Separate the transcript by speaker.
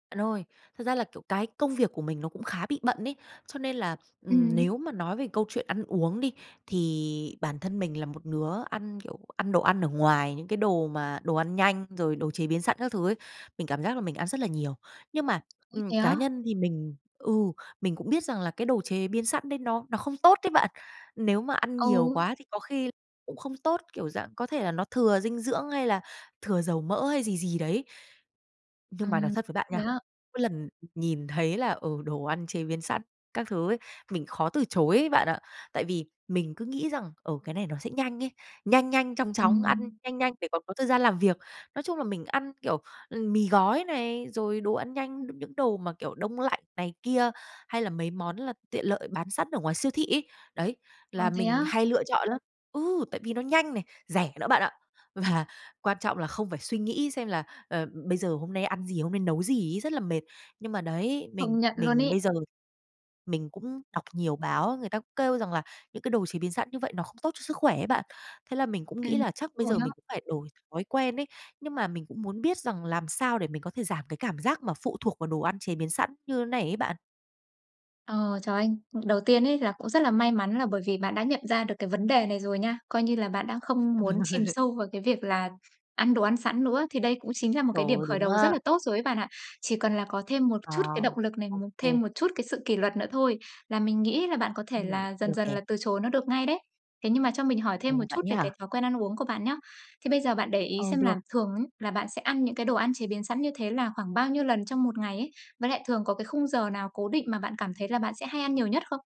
Speaker 1: Bạn ơi, thật ra là, kiểu, cái công việc của mình nó cũng khá bị bận ấy. Cho nên là, ừm,
Speaker 2: Ừm.
Speaker 1: nếu mà nói về câu chuyện ăn uống đi, thì bản thân mình là một đứa ăn, kiểu, ăn đồ ăn ở ngoài, những cái đồ mà đồ ăn nhanh, rồi đồ chế biến sẵn các thứ ấy. Mình cảm giác là mình ăn rất là nhiều. Nhưng mà,
Speaker 2: Ôi,
Speaker 1: ừm,
Speaker 2: thế
Speaker 1: cá
Speaker 2: á?
Speaker 1: nhân thì mình, ừ, mình cũng biết rằng là cái đồ chế biến sẵn đấy nó nó không tốt đấy bạn. Nếu mà ăn nhiều
Speaker 2: Ừ.
Speaker 1: quá thì có khi cũng không tốt, kiểu, dạng có thể là nó thừa dinh dưỡng hay là thừa dầu mỡ hay gì gì đấy. Nhưng mà nói
Speaker 2: Ừm,
Speaker 1: thật với bạn
Speaker 2: thế
Speaker 1: nha,
Speaker 2: á?
Speaker 1: mỗi lần, ừ, nhìn thấy là, ừ, đồ ăn chế biến sẵn các thứ ấy, mình khó từ chối ấy bạn ạ. Tại vì mình cứ nghĩ rằng, ờ, cái này nó sẽ nhanh ấy, nhanh nhanh chóng chóng, ăn
Speaker 2: Ừm.
Speaker 1: nhanh nhanh để có có thời gian làm việc. Nói chung là mình ăn, kiểu, ừm, mì gói này, rồi đồ ăn nhanh, những những đồ mà, kiểu, đông lạnh này kia, hay là mấy món là tiện lợi bán sẵn ở ngoài siêu thị ấy. Đấy,
Speaker 2: Ờ,
Speaker 1: là
Speaker 2: thế
Speaker 1: mình
Speaker 2: á?
Speaker 1: hay lựa chọn lắm. Ừ, tại vì nó nhanh này, rẻ nữa bạn ạ. Và quan trọng là không phải suy nghĩ xem là, ờ, bây giờ hôm nay ăn gì, hôm nay nấu gì ấy, rất là mệt. Nhưng mà đấy, mình
Speaker 2: Không nhận luôn
Speaker 1: mình bây
Speaker 2: ấy.
Speaker 1: giờ mình cũng đọc nhiều báo, người ta kêu rằng là những cái đồ chế biến sẵn như vậy nó không tốt cho sức khỏe ấy bạn. Thế là mình cũng nghĩ
Speaker 2: Ừm,
Speaker 1: là chắc bây
Speaker 2: rồi
Speaker 1: giờ
Speaker 2: á.
Speaker 1: mình cũng phải đổi thói quen ấy. Nhưng mà mình cũng muốn biết rằng làm sao để mình có thể giảm cái cảm giác mà phụ thuộc vào đồ ăn chế biến sẵn như này ấy bạn?
Speaker 2: Ờ, trời ơi. Đầu tiên ấy là cũng rất là may mắn là bởi vì bạn đã nhận ra được cái vấn đề này rồi nha. Coi như là bạn đã không muốn chìm sâu vào cái việc là ăn đồ ăn sẵn nữa, thì đây cũng chính là một
Speaker 1: Trời
Speaker 2: cái điểm
Speaker 1: ơi,
Speaker 2: khởi
Speaker 1: đúng
Speaker 2: đầu rất
Speaker 1: á.
Speaker 2: là tốt rồi ấy bạn ạ, chỉ cần là có thêm một
Speaker 1: À.
Speaker 2: chút cái động lực này,
Speaker 1: Ô
Speaker 2: một
Speaker 1: kê.
Speaker 2: thêm một chút cái sự kỷ luật nữa thôi là mình nghĩ là bạn có thể
Speaker 1: Ừm,
Speaker 2: là
Speaker 1: được
Speaker 2: dần dần
Speaker 1: nè.
Speaker 2: là từ chối nó được ngay đấy. Thế nhưng mà cho mình hỏi thêm một
Speaker 1: Ồ, vậy
Speaker 2: chút về
Speaker 1: nhé.
Speaker 2: cái thói quen ăn uống của bạn nhá. Thế bây giờ bạn để ý
Speaker 1: Ờ,
Speaker 2: xem
Speaker 1: được.
Speaker 2: là thường á là bạn sẽ ăn những cái đồ ăn chế biến sẵn như thế là khoảng bao nhiêu lần trong một ngày ấy? Với lại thường có cái khung giờ nào cố định mà bạn cảm thấy là bạn sẽ hay ăn nhiều nhất không?